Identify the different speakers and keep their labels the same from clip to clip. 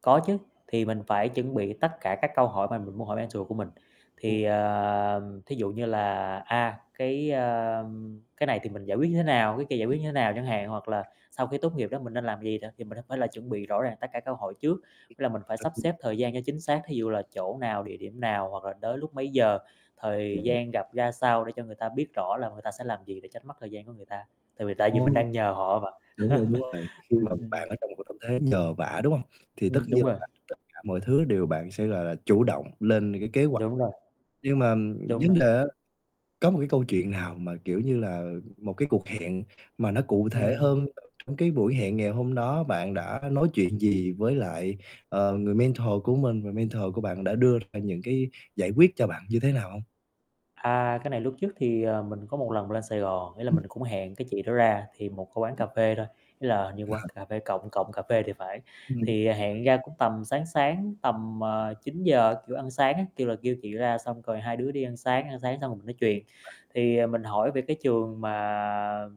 Speaker 1: Có chứ, thì mình phải chuẩn bị tất cả các câu hỏi mà mình muốn hỏi mentor của mình.
Speaker 2: Ừ.
Speaker 1: Thì, à, thí dụ như là, a, cái, a, cái này thì mình giải quyết như thế nào, cái kia giải quyết như thế nào chẳng hạn hoặc là sau khi tốt nghiệp đó mình nên làm gì nè. Thì mình nên phải chuẩn bị rõ ràng tất cả các câu hỏi trước, là mình phải sắp xếp thời
Speaker 2: [unintelligible]
Speaker 1: gian cho chính xác, thí dụ là chỗ nào, địa điểm nào hoặc là tới lúc mấy giờ, thời
Speaker 2: Kê.
Speaker 1: gian gặp ra sao để cho người ta biết rõ là người ta sẽ làm gì, để tránh mất thời gian của người ta. Tại vì tại
Speaker 2: Ừ.
Speaker 1: vì mình đang nhờ họ mà.
Speaker 2: Đúng rồi, đúng rồi, khi
Speaker 1: Ừm,
Speaker 2: mà
Speaker 1: ừm, ừm.
Speaker 2: bạn ở trong một tâm thế nhờ vả, đúng hông? Thì tất
Speaker 1: Ừm, đúng
Speaker 2: nhiên là
Speaker 1: rồi.
Speaker 2: làm tất cả mọi thứ đều bạn sẽ là là chủ động lên cái kế hoạch.
Speaker 1: Đúng rồi.
Speaker 2: Nhưng mà
Speaker 1: Đúng
Speaker 2: vấn
Speaker 1: rồi.
Speaker 2: đề á có một cái câu chuyện nào mà, kiểu như là, một cái cuộc hẹn mà nó cụ thể
Speaker 1: Ừm.
Speaker 2: hơn, trong trong cái buổi hẹn ngày hôm đó bạn đã nói chuyện gì với lại, ờ, người mentor của mình và mentor của bạn đã đưa ra những cái giải quyết cho bạn như thế nào hông?
Speaker 1: À, cái này lúc trước thì, à, mình có một lần lên Sài Gòn, ý là
Speaker 2: Ừm.
Speaker 1: mình cũng hẹn cái chị đó ra thì một cái quán
Speaker 2: Ừm.
Speaker 1: cà phê thôi, ý là, hình như quán
Speaker 2: À.
Speaker 1: cà phê Cộng Cộng Cà Phê thì phải.
Speaker 2: Ừm.
Speaker 1: Thì hẹn ra cũng tầm sáng sáng tầm, ờ, 9:00, kiểu, ăn sáng á, kêu là kêu chị đó ra xong rồi hai đứa đi ăn sáng, ăn sáng xong rồi mình nói chuyền,
Speaker 2: À.
Speaker 1: thì mình hỏi về cái trường mà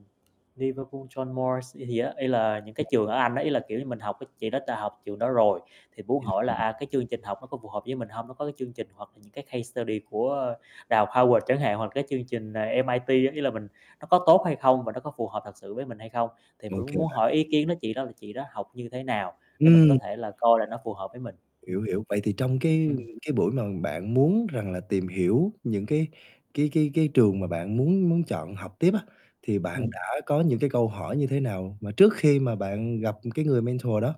Speaker 1: Liverpool John Moores gì gì á, ý là những cái trường ở Anh á, ý là, kiểu như, mình học chị đó đã học trường đó rồi, thì muốn hỏi là,
Speaker 2: [unintelligible]
Speaker 1: à, cái chương trình học nó có phù hợp với mình hông? Nó có cái chương trình hoặc là những cái case study của Đại học Howard chẳng hạn hoặc là cái chương trình MIT, giống như là mình nó có tốt hay không và nó có phù hợp thật sự với mình hay không? Thì
Speaker 2: Ô
Speaker 1: mình muốn
Speaker 2: kê,
Speaker 1: muốn
Speaker 2: bạn.
Speaker 1: hỏi ý kiến đó chị đó chị đó học như thế nào, để mình có
Speaker 2: Ừm.
Speaker 1: thể coi là nó phù hợp với mình. Ừm.
Speaker 2: Hiểu, hiểu. Vậy thì trong cái
Speaker 1: Ừm.
Speaker 2: cái buổi mà bạn muốn rằng là tìm hiểu những cái cái cái cái trường mà bạn muốn muốn chọn học tiếp á, thì bạn
Speaker 1: Ừm.
Speaker 2: đã có những cái câu hỏi như thế nào, mà trước khi mà bạn gặp cái người mentor đó.